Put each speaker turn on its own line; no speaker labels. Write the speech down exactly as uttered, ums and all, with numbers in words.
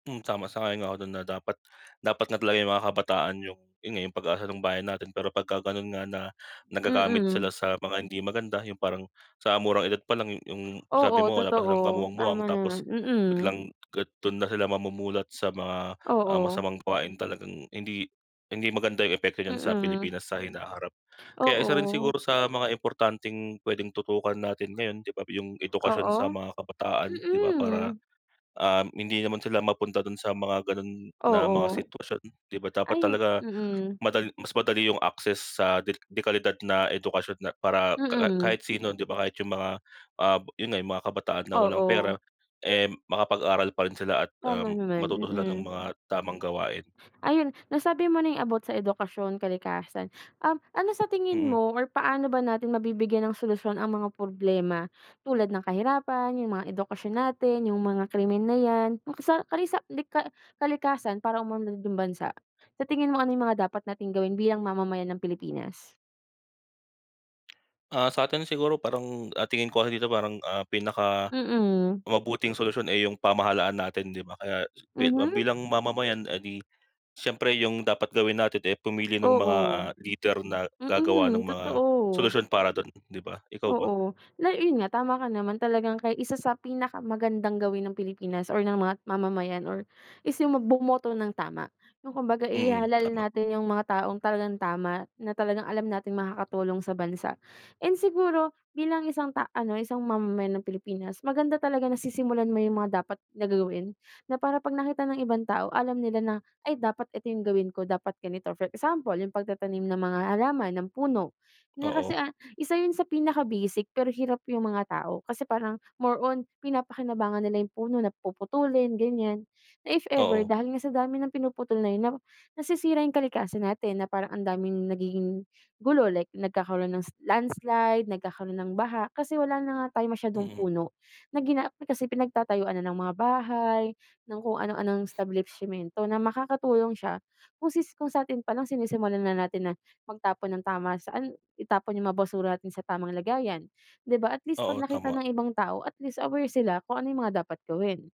Hm, tama, sang-ayon ako dun na dapat dapat nga talaga yung mga kabataan yung yun nga pag-asa ng bayan natin, pero pagka ganon nga na nagagamit
Mm.
sila sa mga hindi maganda. Yung parang sa murang edad palang yung sabi
Oo
mo wala pa silang
totoo.
kamuwang-muwang,
Tama
tapos
naman. Mm.
biglang ka dun na sila mamumulat sa mga, ah,
Oo.
masamang gawain. Talagang hindi hindi maganda yung epekto niyan sa
Mm.
Pilipinas sa hinaharap. Kaya isa rin
Oo.
siguro sa mga importanteng puwedeng tutukan natin ngayon 'di ba, yung edukasyon sa
Oo?
mga kabataan 'di ba para,
Mm.
um, hindi naman sila mapunta dun sa mga ganun na
Oo.
mga sitwasyon 'di ba? Dapat
Ayun
talaga
mm.
madal mas madali yung access sa de dekalidad na edukasyon na para ka
Mm.
kahit sino 'di ba? Kahit yung mga, ah, yun nga yung mga kabataan na walang
Oo.
pera, eh, makapag-aral pa rin sila at,
Tama
um,
naman,
matuto sila ng
mm.
mga tamang gawain.
Ayun nasabi mo na yung about sa edukasyon, kalikasan, um, ano sa tingin
Mm.
mo or paano ba natin mabibigyan ng solusyon ang mga problema tulad ng kahirapan, yung mga edukasyon natin, yung mga krimen na yan, makasa kalisa lika kalikasan para umunlad yung bansa? Sa tingin mo ano yung mga dapat nating gawin bilang mamamayan ng Pilipinas?
Ah, satin siguro parang, ah, tingin ko dito parang, ah, pinaka
Mm.
mabuting solusyon, eh, yung pamahalaan natin 'di ba? Kaya s bi ah,
Mhm.
bilang mamamayan, eh, di siyempre yung dapat gawin natin, eh, pumili ng mga,
Oo.
ah, leader na gagawa ng
Mm,
mga
totoo.
solusyon para dun 'di ba? Ikaw ba?
Oo la yun nga tama ka naman, talagang kay isa sa pinaka magandang gawin ng Pilipinas or ng mga mamamayan or is yung mag bumoto ng tama. Yung kumbaga
Mm,
ihalal
tama.
natin yung mga taong talagang tama. Na talagang alam nating makakatulong sa bansa, and siguro bilang isang ta isang mamamayan ng Pilipinas. Maganda talaga nasisimulan mo yung mga dapat na gagawin. Na para pag nakita ng ibang tao alam nila na ay dapat ito yung gawin ko, dapat ganito. For example, yung pagtatanim ng mga halaman ng puno na kasi,
Oo.
ah, isa yun sa pinaka-basic pero hirap yung mga tao. Kasi parang more on pinapakinabangan nila yung puno na puputulin ganyan, na if ever
Oo.
dahil nga sa dami ng pinuputol na yun 'no, nasisira yung kalikasan natin na parang ang daming nagiging gulo, like nagkakaroon s ng landslide, nagkakaroon ng baha. Kasi wala na nga tayong masyadong
Mm.
puno na gina kasi pinagtatayuan na ng mga bahay, ng kung ano-anong establipshimento na makakatulong siya kung kung satin palang sinisimulan na natin na magtapon ng tama, saan itapon yung mga basura natin sa tamang lagayan. Di ba at least pag
Oo
nakita
tama.
ng ibang tao at least aware sila kung ano yung mga dapat gawin.